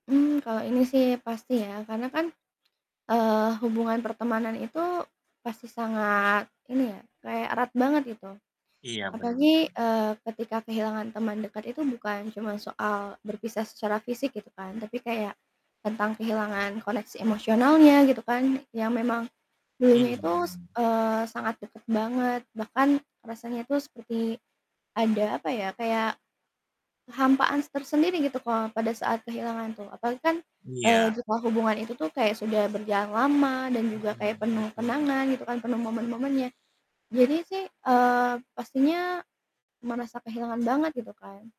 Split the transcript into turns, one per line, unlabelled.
Mmm, kalau ini sih pasti ya, karena kan, eee, hubungan pertemanan itu pasti sangat ini ya, kayak erat banget gitu.
Iya bener.
Apalagi, eee, ketika kehilangan teman dekat itu bukan cuma soal berpisah secara fisik gitu kan, tapi kayak tentang kehilangan koneksi emosionalnya gitu kan, yang memang dulunya itu, s
Iya.
eee, sangat deket banget bahkan rasanya itu seperti ada apa ya, kayak kehampaan tersendiri gitu kalau pada saat kehilangan tuh, apalagi kan, eee,
Iya.
juga hubungan itu tuh kayak sudah berjalan lama dan juga kayak penuh
Mhm mhm.
kenangan gitu kan, penuh momen-momennya. Jadi sih, eee, pastinya merasa kehilangan banget gitu kan.